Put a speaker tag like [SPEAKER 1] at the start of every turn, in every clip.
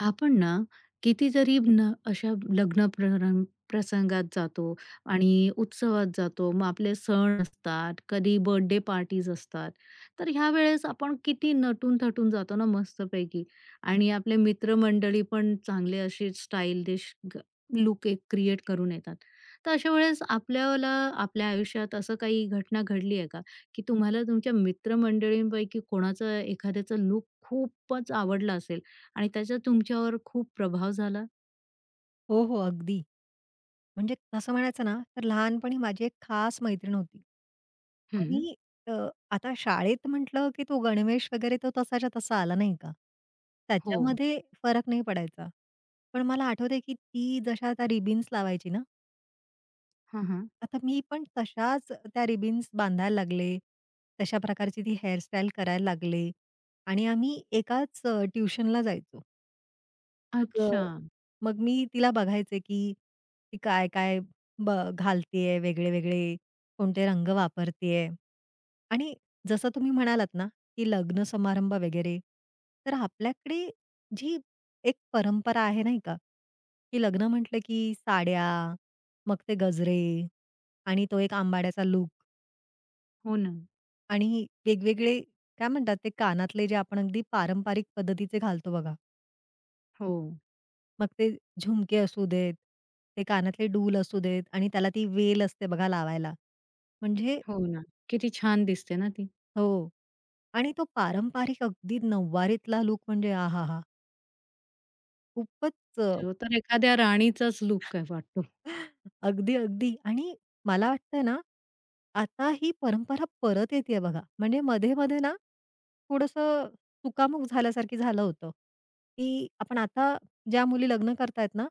[SPEAKER 1] आपण ना, किती तरी ना, अशा लग्न परंग प्रसंगात जातो आणि उत्सवात जातो. मग आपले सण असतात, कधी बर्थडे पार्टीज असतात. तर ह्या वेळेस आपण किती नटून-थटून जातो ना, मस्तपैकी आणि आपले मित्रमंडळी पण चांगले असे स्टाईलीश ग लूक एक क्रिएट करून येतात. तर अशा वेळेस आपल्याला आपल्या आयुष्यात असं काही घटना घडली आहे का? की तुम्हाला तुमच्या मित्रमंडळींपैकी कोणाचं एखाद्याचं लूक खूपच आवडलं असेल आणि त्याचा तुमच्यावर खूप प्रभाव झाला?
[SPEAKER 2] हो, हो. अगदी. म्हणजे असं म्हणायचं ना, तर लहानपणी माझी एक खास मैत्रीण होती
[SPEAKER 1] हं.
[SPEAKER 2] आणि अ, आता शाळेत म्हटलं की तो गणवेश वगैरे तो तसाच्या तसा आला नाही का?
[SPEAKER 1] हो.
[SPEAKER 2] त्याच्यामध्ये फरक नाही पडायचा. पण मला आठवतंय की ती जशा त्या रिबन्स लावायची ना
[SPEAKER 1] हं, हं.
[SPEAKER 2] आता मी पण तशाच त्या रिबन्स बांधायला लागले, तशा प्रकारची ती हेअर स्टाईल करायला लागले आणि आम्ही एकाच अ, ट्युशनला जायचो. मग अ,
[SPEAKER 1] अच्छा!
[SPEAKER 2] मग मी तिला बघायचे, की ती काय-काय ब घालत आहे वेगळे-वेगळे, कोणते रंग वापरत आहे? आणि जसं तुम्ही म्हणालात ना, की लग्न समारंभ वगैरे, तर आपल्याकडे जी एक परंपरा आहे नाही का, की लग्न म्हंटलं की साड्या, मग ते गजरे आणि तो एक आंबाड्याचा लूक.
[SPEAKER 1] हो ना.
[SPEAKER 2] आणि वेगवेगळे काय म्हणतात ते कानातले जे आपण अगदी पारंपरिक पद्धतीचे घालतो बघा.
[SPEAKER 1] हो.
[SPEAKER 2] मग ते झुमके असू देत, ते कानातले डुल असू देत आणि त्याला ती वेल असते बघा लावायला. म्हणजे
[SPEAKER 1] हो ना. किती छान दिसते ना ती?
[SPEAKER 2] हो आणि तो पारंपारिक अगदी नऊवारीतला लूक म्हणजे आहाहा! खूपचं अ
[SPEAKER 1] तो तर एखाद्या राणीचाच लूक आहे वाटतो.
[SPEAKER 2] अगदी, अगदी आणि मला वाटतंय ना, आता ही परंपरा परत येतेय बघा. म्हणजे मध्ये-मध्ये ना, थोडंसं चुकामुक झाल्यासारखं झालं होतं, की आपण आता ज्या मुली लग्न करतायेत ना,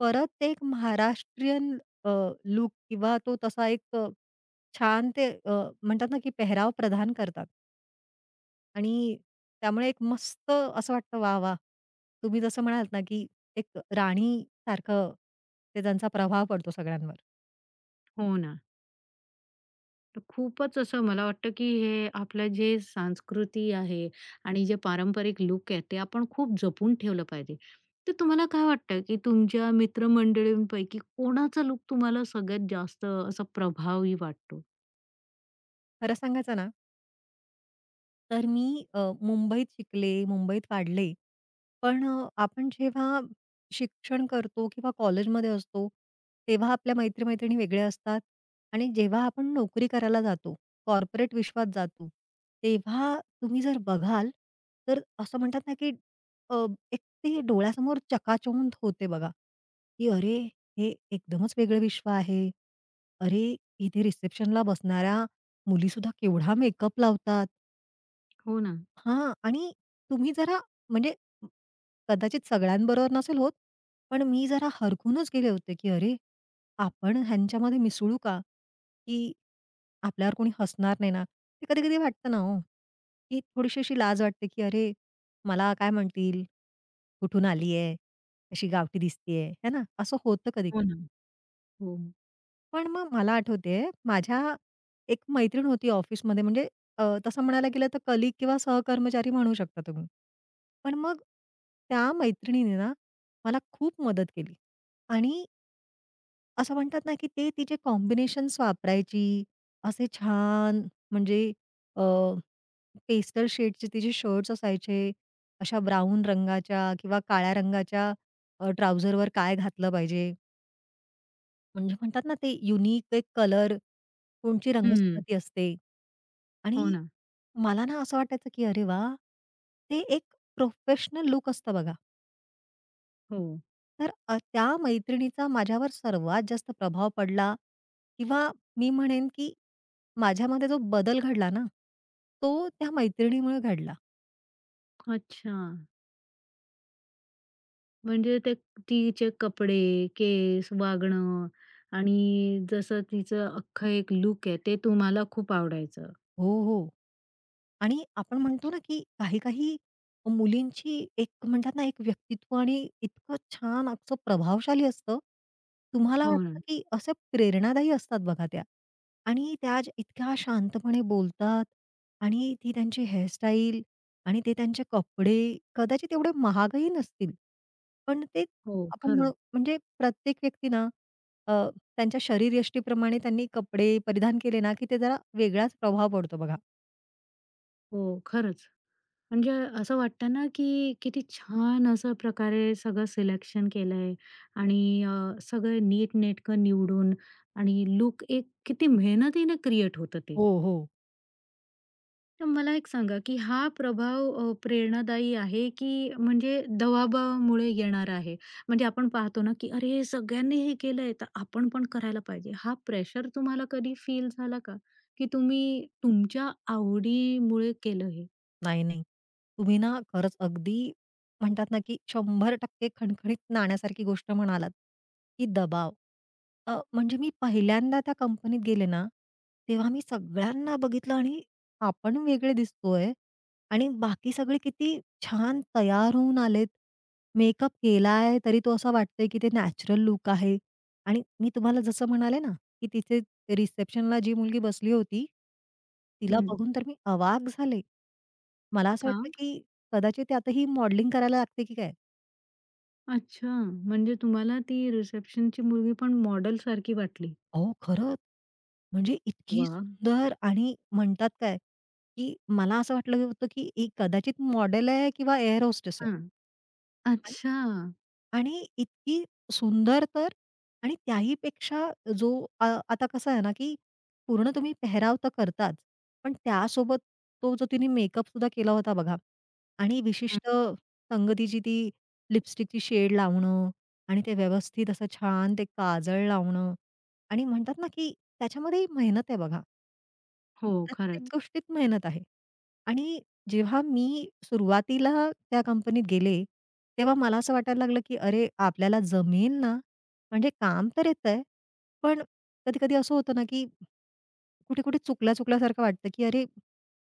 [SPEAKER 2] परत एक महाराष्ट्रीयन अ, लूक किंवा तो तसा एक छान ते अ, म्हणतात ना की पेहराव प्रधान करतात. आणि त्यामुळे एक मस्त असं वाटतं वाह! वाह! तुम्ही जसं म्हणालात ना, की एक राणीसारखं हे ज्यांचा प्रभाव पडतो सगळ्यांवर.
[SPEAKER 1] हो ना. तर खूपच असं मला वाटतं, की हे आपलं जे संस्कृती आहे आणि जे पारंपरिक लूक आहेत, ते आपण खूप जपून ठेवलं पाहिजे, तर तुम्हाला काय वाटतं की तुमच्या मित्रमंडळींपैकी कोणाचा लूक तुम्हाला सगळ्यात जास्त असा प्रभावी वाटतो?
[SPEAKER 2] खरं सांगायचं ना तर मी अ, मुंबईत शिकले, मुंबईत वाढले. पण अ, आपण जेव्हा शिक्षण करतो किंवा कॉलेजमध्ये असतो, तेव्हा आपल्या मैत्री-मैत्रिणी वेगळ्या असतात आणि जेव्हा आपण नोकरी करायला जातो, कॉर्पोरेट विश्वात जातो, तेव्हा तुम्ही जर बघाल, तर असं म्हणतात ना, की अ, एक ते डोळ्यासमोर चकाचौंध होते बघा, की अरे! हे एकदमच वेगळं विश्व आहे. अरे इथे रिसेप्शनला बसणाऱ्या मुलीसुद्धा केवढा मेकअप लावतात.
[SPEAKER 1] हो ना.
[SPEAKER 2] हां आणि तुम्ही जरा म्हणजे कदाचित सगळ्यांबरोबर नसेल होत. पण मी जरा हरखूनच गेले होते, की अरे आपण ह्यांच्यामध्ये मिसळू का? की आपल्यावर कोणी हसणार नाही ना. ते कधी-कधी वाटतं ना हो, की थोडीशी अशी लाज वाटते, की अरे, मला काय म्हणतील? कुठून आली आहे, अशी गावठी दिसतीये, हे ना, असं होतं
[SPEAKER 1] हो
[SPEAKER 2] कधी-कधी.
[SPEAKER 1] ना. हो.
[SPEAKER 2] पण मग मला आठवतेय, माझ्या एक मैत्रीण होती ऑफिसमध्ये म्हणजे अ, तसं म्हणायला गेलं तर कलीग किंवा सहकर्मचारी म्हणू शकता तुम्ही. पण मग त्या मैत्रिणीने ना, मला खूप मदत केली आणि असं म्हणतात ना, की ते तिचे कॉम्बिनेशन्स वापरायची. असे छान म्हणजे अ, पेस्टल शेडचे तिचे शर्ट्स असायचे, अशा ब्राउन रंगाच्या किंवा काळ्या रंगाच्या अ, ट्राउझरवर काय घातलं पाहिजे. म्हणजे म्हणतात ना, ते युनिक ते एक कलर कोणची
[SPEAKER 1] हं.
[SPEAKER 2] रंगसंगती असते
[SPEAKER 1] हो
[SPEAKER 2] आणि
[SPEAKER 1] ना.
[SPEAKER 2] मला ना, असं वाटायचं, की अरे वा! ते एक प्रोफेशनल लूक असतं बघा.
[SPEAKER 1] हो.
[SPEAKER 2] तर अ, त्या मैत्रिणीचा माझ्यावर सर्वात जास्त प्रभाव पडला किंवा मी म्हणेन, की माझ्यामध्ये जो बदल घडला ना, तो त्या मैत्रिणीमुळे घडला.
[SPEAKER 1] अच्छा. म्हणजे ते तिचे कपडे, केस, वागणं आणि जसं तिचं अख्खं एक लूक आहे, ते तुम्हाला खूप आवडायचं.
[SPEAKER 2] हो, हो आणि आपण म्हणतो
[SPEAKER 1] अच्छा.
[SPEAKER 2] ना, की काही-काही मुलींची एक म्हणतात ना, एक व्यक्तित्व आणि इतकं छान असं प्रभावशाली असतं. तुम्हाला
[SPEAKER 1] हो ना.
[SPEAKER 2] वाटतं की असे प्रेरणादायी असतात बघा त्या आणि त्या जा इतक्या शांतपणे बोलतात आणि ती त्यांची हेअर स्टाईल आणि ते त्यांचे कपडे. कदाचित एवढे महागही नसतील पण ते
[SPEAKER 1] हो,
[SPEAKER 2] आपण म्हण
[SPEAKER 1] खरं.
[SPEAKER 2] म्हणजे प्रत्येक व्यक्तीना अ, त्यांच्या शरीरयष्टीप्रमाणे त्यांनी कपडे परिधान केले ना, की ते जरा वेगळाच प्रभाव पडतो बघा.
[SPEAKER 1] हो खरंच. म्हणजे असं वाटतं ना, की किती छान असं प्रकारे सगळं सिलेक्शन केलंय आणि अ, सगळं नीटनेटकं निवडून आणि लूक एक किती मेहनतीने क्रिएट होतं ते.
[SPEAKER 2] हो, हो.
[SPEAKER 1] तर मला एक सांगा की हा प्रभाव अ, प्रेरणादायी आहे की म्हणजे दवाबामुळे येणारा आहे? म्हणजे आपण पाहतो ना, की अरे हे सगळ्यांनी हे केलंय तर आपण पण करायला पाहिजे. हा प्रेशर तुम्हाला कधी फील झाला का की तुम्ही तुमच्या आवडीमुळे केलं हे?
[SPEAKER 2] नाही, नाही. तुम्ही ना, खरंच अगदी म्हणतात ना, की 100% टक्के खणखणीत नाण्यासारखी गोष्ट म्हणालात, की दबाव. अ, म्हणजे मी पहिल्यांदा त्या कंपनीत गेले ना, तेव्हा मी सगळ्यांना बघितलं आणि आपण वेगळे दिसतोय आणि बाकी सगळे किती छान तयार होऊन आलेत. मेकअप केलाय तरी तो असा वाटतंय, की ते नॅचरल लूक आहे आणि मी तुम्हाला जसं म्हणाले ना, की तिथे रिसेप्शनला जी मुलगी बसली होती, तिला
[SPEAKER 1] हं.
[SPEAKER 2] बघून तर मी अवाक झाले. मला असं
[SPEAKER 1] का?
[SPEAKER 2] वाटलं की कदाचित आता ही मॉडेलिंग करायला लागते की काय?
[SPEAKER 1] अच्छा! म्हणजे तुम्हाला ती रिसेप्शनची मुलगी पण मॉडेलसारखी वाटली.
[SPEAKER 2] अहो खरं! म्हणजे इतकी
[SPEAKER 1] वाह!
[SPEAKER 2] सुंदर आणि म्हणतात काय? की मला असं वाटलं होतं, की एक कदाचित मॉडेल आहे किंवा एअर होस्टेस आहे.
[SPEAKER 1] हं,
[SPEAKER 2] आणि
[SPEAKER 1] अच्छा!
[SPEAKER 2] आणि इतकी सुंदर तर आणि त्याहीपेक्षा जो आ आता कसं आहे ना, की पूर्ण तुम्ही पेहराव तर करतातच पण त्यासोबत तो जो तिने मेकअप सुद्धा केला होता बघा आणि
[SPEAKER 1] हं.
[SPEAKER 2] विशिष्ट संगतीची ती लिपस्टिकची शेड लावणं आणि ते व्यवस्थित असं छान ते काजळ लावणं आणि म्हणतात ना, की त्याच्यामध्येही मेहनत आहे बघा.
[SPEAKER 1] हो,
[SPEAKER 2] प्रत्येक
[SPEAKER 1] खरंच.
[SPEAKER 2] गोष्टीत मेहनत आहे आणि जेव्हा मी सुरुवातीला त्या कंपनीत गेले, तेव्हा मला असं वाटायला लागलं, की अरे! आपल्याला जमेल ना? म्हणजे काम तर येतंय, पण कधी-कधी असं होतं ना, की कुठे-कुठे, चुकला-चुकल्या सारखं वाटतं, की अरे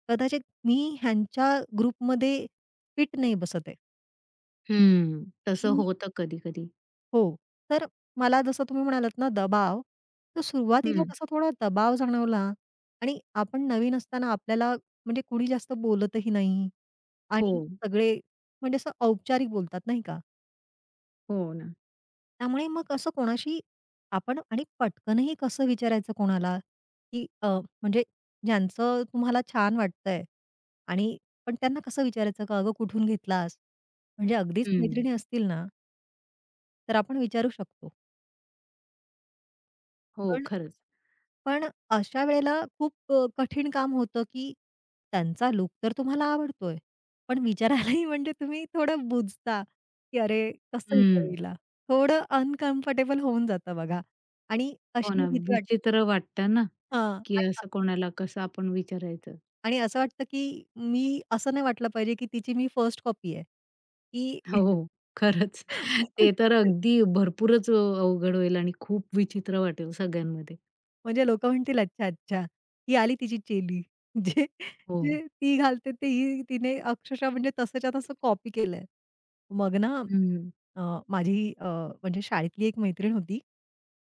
[SPEAKER 2] कदाचित मी ह्यांच्या ग्रुपमध्ये फिट नाही बसत आहे.
[SPEAKER 1] हं, तसं
[SPEAKER 2] आणि
[SPEAKER 1] होतं कधी-कधी.
[SPEAKER 2] हो. तर मला जसं तुम्ही म्हणालात ना, दबाव, तो सुरुवातीला
[SPEAKER 1] हं.
[SPEAKER 2] तसा थोडा दबाव जाणवला आणि आपण नवीन असताना आपल्याला म्हणजे कोणी जास्त बोलतही नाही आणि
[SPEAKER 1] हो.
[SPEAKER 2] सगळे म्हणजे असं औपचारिक बोलतात, नाही का?
[SPEAKER 1] हो ना.
[SPEAKER 2] त्यामुळे मग कसं कोणाशी आपण आणि पटकनही कसं विचारायचं कोणाला की अ, म्हणजे ज्यांचं तुम्हाला छान वाटतंय आणि पण त्यांना कसं विचारायचं का अगं कुठून घेतलास? म्हणजे अगदीच
[SPEAKER 1] हं.
[SPEAKER 2] मैत्रिणी असतील ना तर आपण विचारू शकतो.
[SPEAKER 1] हो.
[SPEAKER 2] पण,
[SPEAKER 1] खरंच.
[SPEAKER 2] पण अशा वेळेला खूप अ, कठीण काम होतं की त्यांचा लूक तर तुम्हाला आवडतोय. पण विचारायलाही म्हणजे तुम्ही थोडं बुजता की अरे, कसं विचारू
[SPEAKER 1] हं.
[SPEAKER 2] हिला? थोडं अनकम्फर्टेबल होऊन जातं बघा आणि
[SPEAKER 1] हो
[SPEAKER 2] अशी
[SPEAKER 1] ना.
[SPEAKER 2] भीती वाटते
[SPEAKER 1] विचित्र वाटतं ना,
[SPEAKER 2] हां,
[SPEAKER 1] की असं कोणाला कसं आपण विचारायचं!
[SPEAKER 2] आणि असं वाटतं की मी असं नाही वाटलं पाहिजे की तिची मी फर्स्ट कॉपी आहे. की
[SPEAKER 1] हो, खरंच. ते तर अगदी भरपूरच अ, अवघड होईल आणि खूप विचित्र वाटेल सगळ्यांमध्ये.
[SPEAKER 2] म्हणजे लोक म्हणतील, "अच्छा अच्छा. ही आली तिची चेली, जे,
[SPEAKER 1] हो.
[SPEAKER 2] जे ती घालते ते ही तिने अक्षरशः म्हणजे तसंच्या तसं कॉपी केलंय." मग ना
[SPEAKER 1] हं.
[SPEAKER 2] अ, माझी अ, म्हणजे शाळेतली एक मैत्रीण होती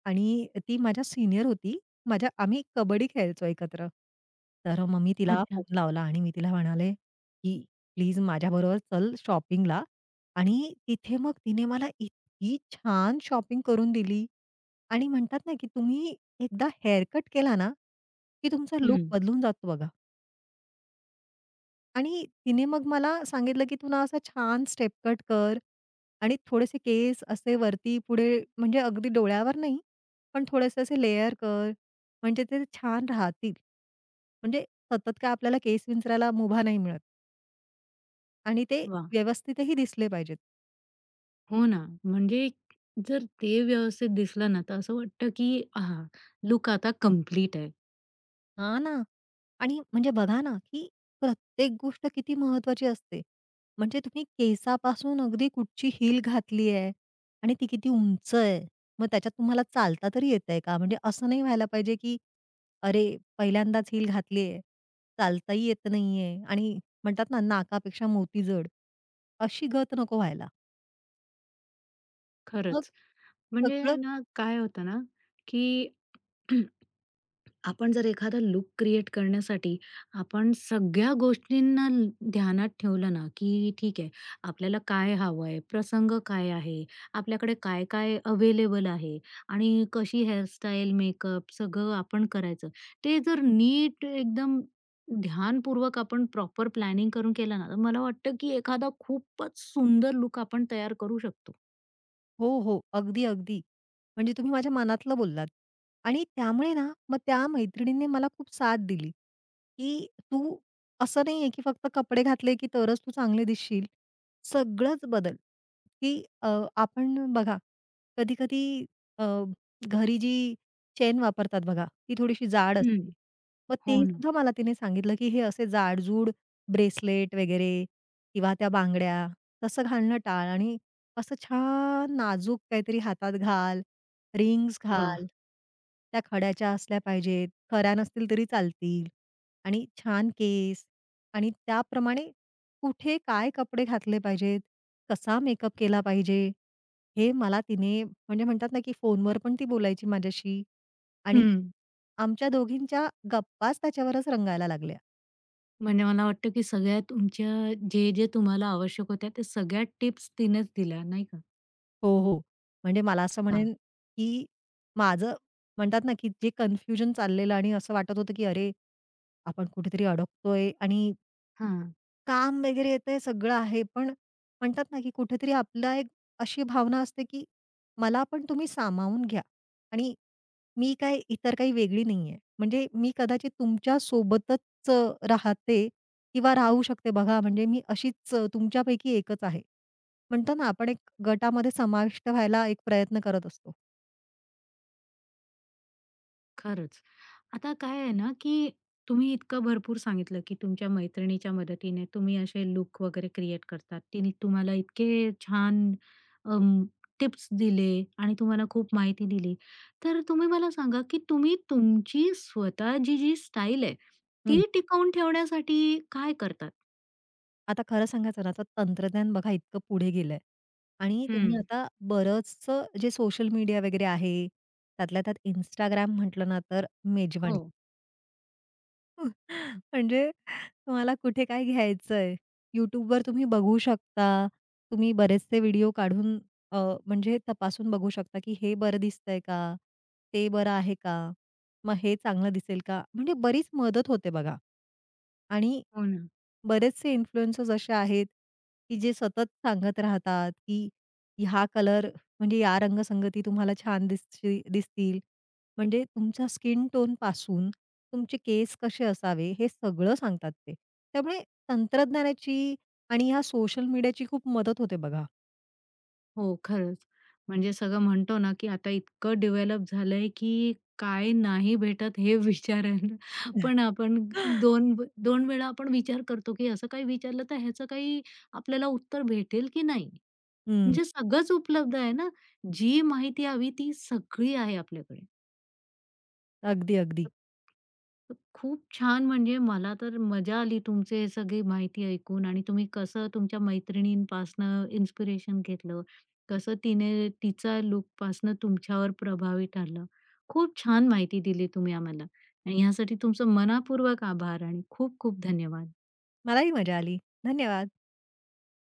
[SPEAKER 2] आणि अ, ती माझ्या सीनियर होती. माझ्या आम्ही एक कबड्डी खेळायचो एकत्र. तर अ, मग मी तिला
[SPEAKER 1] अच्छा.
[SPEAKER 2] फोन लावला आणि मी तिला म्हणाले की "प्लीज माझ्याबरोबर चल शॉपिंगला" आणि तिथे मग तिने मला इतकी छान शॉपिंग करून दिली आणि म्हणतात ना, की तुम्ही एकदा हेअरकट केला ना, की तुमचा लूक
[SPEAKER 1] हं.
[SPEAKER 2] बदलून जातो बघा. आणि तिने मग मला सांगितलं की तुला असा छान स्टेप कट कर आणि थोडेसे केस असे वरती पुढे, म्हणजे अगदी डोळ्यावर नाही, पण थोडेसे असे लेयर कर. म्हणजे ते छान राहतील. म्हणजे सतत काय आपल्याला केस विंचरायला मुभा नाही मिळत. आणि ते
[SPEAKER 1] वाह!
[SPEAKER 2] व्यवस्थितही दिसले पाहिजेत.
[SPEAKER 1] हो ना. म्हणजे जर ते व्यवस्थित दिसलं ना, तर असं वाटतं की "आह! लूक आता कंप्लीट आहे."
[SPEAKER 2] हां ना आणि म्हणजे बघा ना, की प्रत्येक गोष्ट किती महत्वाची असते. म्हणजे तुम्ही केसापासून अगदी कुठची हील घातली आहे आणि ती किती उंच आहे. मग त्याच्यात तुम्हाला चालता तरी येतंय का? म्हणजे असं नाही व्हायला पाहिजे, की अरे पहिल्यांदाच हील घातली आहे. चालताही येत नाहीये आणि म्हणतात ना नाकापेक्षा मोती जड अशी गत नको व्हायला. मग
[SPEAKER 1] खरंच. म्हणजे
[SPEAKER 2] सगळं
[SPEAKER 1] ना काय होतं ना, की आपण जर एखादा लूक क्रिएट करण्यासाठी, आपण सगळ्या गोष्टींना ध्यानात ठेवलं ना, की ठीक आहे आपल्याला काय हवंय? प्रसंग काय आहे? आपल्याकडे काय-काय अवेलेबल आहे? आणि कशी हेअर स्टाईल, मेकअप सगळं आपण करायचं. ते जर नीट एकदम ध्यानपूर्वक आपण प्रॉपर प्लॅनिंग करून केलं ना तर मला वाटतं की एखादा खूपच सुंदर लूक आपण तयार करू शकतो.
[SPEAKER 2] हो, हो. अगदी, अगदी. म्हणजे तुम्ही माझ्या मनातलं बोललात आणि त्यामुळे ना मग त्या मैत्रिणीने मला खूप साथ दिली, की तू असं नाहीये की फक्त कपडे घातले की तरच तू चांगले दिसशील. सगळंच बदल, की अ, आपण बघा कधी-कधी अ, घरी जी चैन वापरतात बघा, ती थोडीशी जाड
[SPEAKER 1] हं,
[SPEAKER 2] असते. मग
[SPEAKER 1] हो
[SPEAKER 2] तेही
[SPEAKER 1] ना.
[SPEAKER 2] सुद्धा मला तिने सांगितलं, की हे असे जाड-जूड ब्रेसलेट वगैरे किंवा त्या बांगड्या तसं घालणं टाळ आणि असं छान नाजूक काहीतरी हातात घाल, रिंग्स
[SPEAKER 1] वाह!
[SPEAKER 2] घाल. त्या खड्याच्या असल्या पाहिजेत, खऱ्या नसतील तरी चालतील. आणि छान केस आणि त्याप्रमाणे कुठे काय कपडे घातले पाहिजेत, कसा मेकअप केला पाहिजे, हे मला तिने म्हणजे म्हणतात ना की फोनवर पण ती बोलायची माझ्याशी आणि
[SPEAKER 1] हं.
[SPEAKER 2] आमच्या दोघींच्या गप्पाच त्याच्यावरच रंगायला लागल्या.
[SPEAKER 1] म्हणजे मला वाटतं, की सगळ्या तुमच्या जे-जे तुम्हाला आवश्यक होत्या त्या सगळ्या टिप्स तिनेच दिल्या नाही का?
[SPEAKER 2] हो, हो. म्हणजे मला असं
[SPEAKER 1] वाह!
[SPEAKER 2] म्हणेन, की माझं म्हणतात ना की जे कन्फ्युजन चाललेलं आणि असं वाटत होतं की अरे, आपण कुठेतरी अडकतोय आणि
[SPEAKER 1] हां.
[SPEAKER 2] काम वगैरे येतंय सगळं आहे पण म्हणतात ना, की कुठेतरी आपला एक अशी भावना असते, की मला पण तुम्ही सामावून घ्या. आणि मी काही इतर काही वेगळी नाहीये. म्हणजे मी कदाचित तुमच्या सोबतच राहते किंवा राहू शकते. बघा म्हणजे मी अशीच तुमच्यापैकी एकच आहे. म्हणतो ना आपण एक गटामध्ये समाविष्ट व्हायला एक प्रयत्न करत असतो.
[SPEAKER 1] खरंच. आता काय आहे ना, की तुम्ही इतकं भरपूर सांगितलं की तुमच्या मैत्रिणीच्या मदतीने तुम्ही असे लूक वगैरे क्रिएट करतात. तिने तुम्हाला इतके छान अ, टिप्स दिले आणि तुम्हाला खूप माहिती दिली. तर तुम्ही मला सांगा, की तुम्ही तुमची स्वतःची जी स्टाईल आहे,
[SPEAKER 2] हं.
[SPEAKER 1] ती टिकवून ठेवण्यासाठी काय करतात?
[SPEAKER 2] आता खरं सांगायचं ना, आता तंत्रज्ञान बघा इतकं पुढे गेलंय. आणि तुम्ही
[SPEAKER 1] हं.
[SPEAKER 2] आता बरंच जे सोशल मीडिया वगैरे आहे. त्यातल्या त्यात Instagram म्हंटलं ना तर मेजवानी.
[SPEAKER 1] हो.
[SPEAKER 2] म्हणजे तुम्हाला कुठे काय घ्यायचंय? YouTubeवर तुम्ही बघू शकता, तुम्ही बरेचसे व्हिडिओ काढून अ, म्हणजे तपासून बघू शकता की हे बरं दिसतंय का? ते बरं आहे का? मग हे चांगलं दिसेल का? म्हणजे बरीच मदत होते बघा, आणि
[SPEAKER 1] हो ना.
[SPEAKER 2] बरेचसे इन्फ्लुएंसर्स असे आहेत की जे सतत सांगत राहतात, की ह्या कलर म्हणजे या रंगसंगती तुम्हाला छान दिसती दिसतील. म्हणजे तुमच्या स्किन टोनपासून तुमचे केस कसे असावे, हे सगळं सांगतात ते. त्यामुळे तंत्रज्ञानाची आणि ह्या सोशल मीडियाची खूप मदत होते बघा.
[SPEAKER 1] हो, खरंच. म्हणजे सगळं म्हणतो ना की आता इतकं डेव्हलप झालंय, की काय नाही भेटत हे विचारायला पण आपण 2 2 वेळा आपण विचार करतो, की असं काही विचारलं तर ह्याच काही आपल्याला उत्तर भेटेल की नाही?
[SPEAKER 2] हं.
[SPEAKER 1] म्हणजे सगळंच उपलब्ध आहे ना? जी माहिती हवी ती सगळी आहे आपल्याकडे.
[SPEAKER 2] अगदी, अगदी.
[SPEAKER 1] खूप छान! म्हणजे मला तर मजा आली तुमची सगळी माहिती ऐकून आणि तुम्ही कसं तुमच्या मैत्रिणीपासून इन्स्पिरेशन घेतलं. कसं तिने तिचा लूकपासन तुमच्यावर प्रभावी ठरलं. खूप छान माहिती दिली तुम्ही आम्हाला आणि ह्यासाठी तुमचं मनःपूर्वक आभार आणि खूप-खूप धन्यवाद.
[SPEAKER 2] मलाही मजा आली. धन्यवाद.